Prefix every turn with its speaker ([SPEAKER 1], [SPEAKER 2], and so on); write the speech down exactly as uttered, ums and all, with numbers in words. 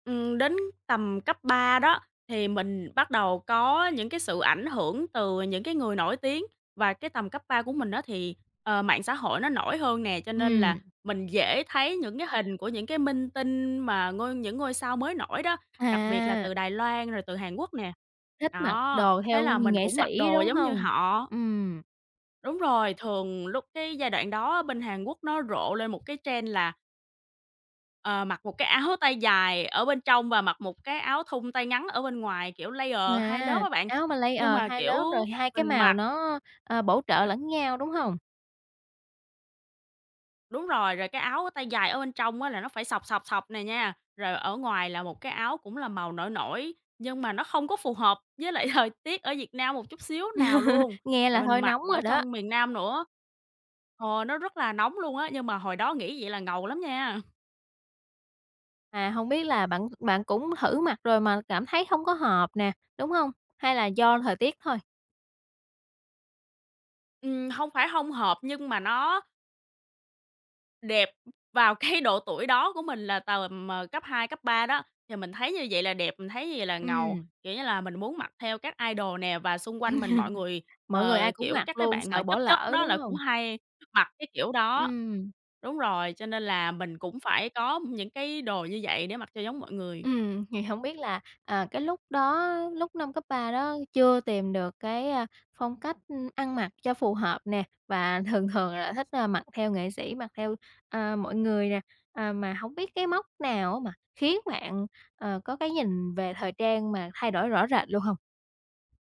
[SPEAKER 1] Ừm, đến tầm cấp ba đó thì mình bắt đầu có những cái sự ảnh hưởng từ những cái người nổi tiếng và cái tầm cấp ba của mình á thì, ờ, mạng xã hội nó nổi hơn nè, cho nên
[SPEAKER 2] Ừm.
[SPEAKER 1] là mình dễ thấy những cái hình của những cái minh tinh mà ngôi những ngôi sao mới nổi đó, đặc biệt là
[SPEAKER 2] À.
[SPEAKER 1] từ Đài Loan rồi từ Hàn Quốc nè.
[SPEAKER 2] Thích mặc
[SPEAKER 1] Đó,
[SPEAKER 2] đồ
[SPEAKER 1] thế
[SPEAKER 2] theo
[SPEAKER 1] là mình
[SPEAKER 2] nghệ
[SPEAKER 1] cũng mặc
[SPEAKER 2] sĩ,
[SPEAKER 1] đồ
[SPEAKER 2] đúng
[SPEAKER 1] giống như
[SPEAKER 2] hông?
[SPEAKER 1] họ.
[SPEAKER 2] Ừm.
[SPEAKER 1] Đúng rồi, thường lúc cái giai đoạn đó bên Hàn Quốc nó rộ lên một cái trend là Ờ, mặc một cái áo tay dài ở bên trong và mặc một cái áo thun tay ngắn ở bên ngoài, kiểu layer hai lớp
[SPEAKER 2] À,
[SPEAKER 1] á bạn,
[SPEAKER 2] áo mà
[SPEAKER 1] nhưng
[SPEAKER 2] layer
[SPEAKER 1] mà,
[SPEAKER 2] hai
[SPEAKER 1] kiểu,
[SPEAKER 2] lớp rồi hai cái
[SPEAKER 1] mình
[SPEAKER 2] màu
[SPEAKER 1] mặc
[SPEAKER 2] nó, ờ, bổ trợ
[SPEAKER 1] Ờ.
[SPEAKER 2] lẫn nhau, đúng
[SPEAKER 1] [unintelligible]
[SPEAKER 2] hông?
[SPEAKER 1] Đúng rồi, rồi cái áo tay dài ở bên trong á là nó phải sọc, sọc, sọc nè nha, rồi ở ngoài là một cái áo cũng là màu nổi nổi, nhưng mà nó không có phù hợp với lại thời tiết ở Việt Nam một chút xíu nào luôn,
[SPEAKER 2] Nghe
[SPEAKER 1] tại
[SPEAKER 2] là
[SPEAKER 1] mình
[SPEAKER 2] hơi
[SPEAKER 1] mặc
[SPEAKER 2] nóng rồi
[SPEAKER 1] ở
[SPEAKER 2] đó.
[SPEAKER 1] trong miền Nam nữa. Ờ, nó rất là nóng luôn á, nhưng mà hồi đó nghĩ vậy là ngầu lắm nha.
[SPEAKER 2] À, hông biết là bạn bạn cũng thử mặc rồi mà cảm thấy hông có hợp nè, đúng hông? Hay là do thời tiết thôi?
[SPEAKER 1] Ừm, hông phải hông hợp nhưng mà nó Đẹp. Vào cái độ tuổi đó của mình là tầm, ờ, cấp hai, cấp ba đó, thì mình thấy như vậy là đẹp, mình thấy như vậy là ngầu,
[SPEAKER 2] Ừm.
[SPEAKER 1] kiểu như là, mình muốn mặc theo các idol nè và xung quanh mình mọi người,
[SPEAKER 2] Mọi người
[SPEAKER 1] ờ,
[SPEAKER 2] ai cũng
[SPEAKER 1] kiểu
[SPEAKER 2] mặc
[SPEAKER 1] các cái
[SPEAKER 2] luôn,
[SPEAKER 1] bạn mà
[SPEAKER 2] sợ bỏ
[SPEAKER 1] chất chất
[SPEAKER 2] lỡ,
[SPEAKER 1] đó
[SPEAKER 2] đúng
[SPEAKER 1] là cũng
[SPEAKER 2] hông?
[SPEAKER 1] hay mặc cái kiểu đó.
[SPEAKER 2] Ừm.
[SPEAKER 1] Đúng rồi, cho nên là mình cũng phải có những cái đồ như vậy để mặc cho giống mọi người.
[SPEAKER 2] Ừm, thì hổng biết là, à, cái lúc đó, lúc năm cấp ba đó chưa tìm được cái, à, phong cách, ừm, ăn mặc cho phù hợp nè, và thường thường là thích, à, mặc theo nghệ sĩ mặc theo, à, mọi người nè, à, mà hổng biết cái mốc nào á mà khiến bạn, ờ, có cái nhìn về thời trang mà thay đổi rõ rệt luôn hông?